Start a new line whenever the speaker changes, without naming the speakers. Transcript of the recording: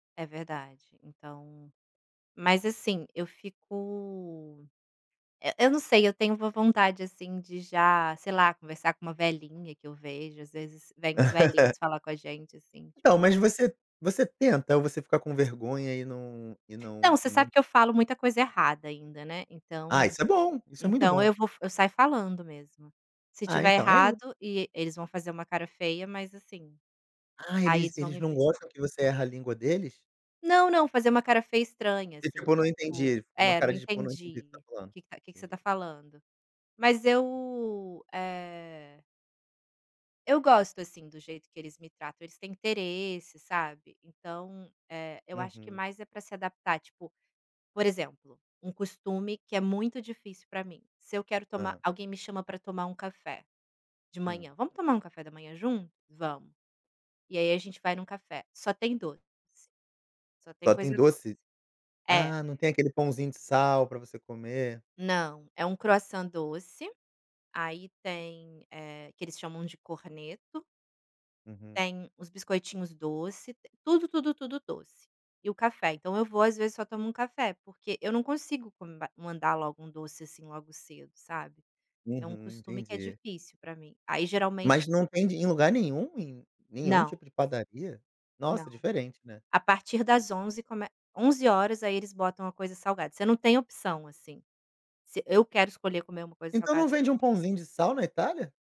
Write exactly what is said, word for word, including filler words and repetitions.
É verdade, então mas assim, eu fico eh, eu não sei, eu tenho uma vontade, assim, de já, sei lá, conversar com uma velhinha que eu vejo. Às vezes vêm uns velhinhos falar com a gente, assim,
Então,
tipo
mas você você tenta? Ou você fica com vergonha e não e
Não,
não
você
e nem
sabe que eu falo muita coisa errada ainda, né.
Ah,
Então
isso é bom, isso é muito
então
bom.
eu vou fa eu saio falando mesmo. Se
Ah,
estiver
então é i
errado e eles vão fazer uma cara feia, mas assim,
Ah,
aí
eles
eles vão
eles
me
não
per
gostam que você erra a língua deles?
Não, não. Fazer uma cara feia estranha,
E,
assim,
tipo, eu
de
não
tipo:
entendi. Foi uma
"É, não
cara de, tipo, eu não entendi o você tá
entendi,
falando.
que que ca que que você
Entendi.
tá falando?". Mas eu, eh eu gosto, assim, do jeito que eles me tratam. Eles têm interesse, sabe. Então, eh, eu acho que
Uhum.
mais é para se adaptar tipo, por exemplo, um costume que é muito difícil pra mim, se eu quero tomar
Hã.
alguém me chama para tomar um café, de
Hum.
manhã: "Vamos tomar um café da manhã junto?". "Vamos". E aí a gente vai num café, só tem doce. Só tem
Só tem
coisa doce.
doce?
É.
Ah, não tem aquele pãozinho de sal pra você comer.
Não, é um croissant doce, aí tem eh, que eles chamam de corneto.
Uhum.
Tem os biscoitinhos doce, t tudo, tudo, tudo doce, e o café, então eu vou às vezes só tomo um café, porque eu não consigo come mandar logo um doce assim logo cedo, sabe. É um
Uhum.
costume que é
Entendi.
difícil para mim, aí geralmente
Mas não vende em lugar nenhum, em nenhum
Não.
tipo de padaria?
Não.
Nossa, diferente, né?
A partir das onze come onze horas, aí eles botam a coisa salgada, você não tem opção, assim, se eu quero escolher comer uma coisa
Então
salgada
não vende
[unintelligible]
um pãozinho de sal na Itália?